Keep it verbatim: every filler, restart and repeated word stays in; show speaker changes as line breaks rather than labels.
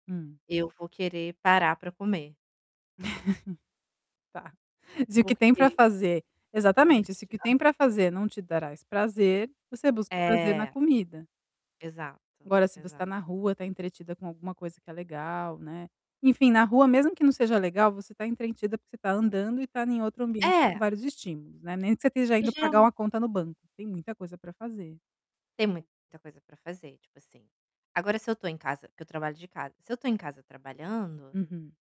Hum.
Eu vou querer parar pra comer.
Tá. Se o que tem pra
Porque
fazer exatamente, o que tem
Exato.
pra fazer não te trás prazer, você busca prazer na
É.
comida.
Exato,
Agora, se você
exa
tá na rua, tá entretida com alguma coisa que tá legal, né. Enfim na rua, mesmo que não seja legal, você tá entrentida, porque você tá andando e tá em outro ambiente com
É.
vários estímulos, né. Nem que você esteja indo pagar
[unintelligible]
uma conta no banco, tem muita coisa para fazer.
Tem muita coisa pra fazer, tipo assim, agora se eu tô em casa, porque eu trabalho de casa, se eu tô em casa trabalhando
Uhum.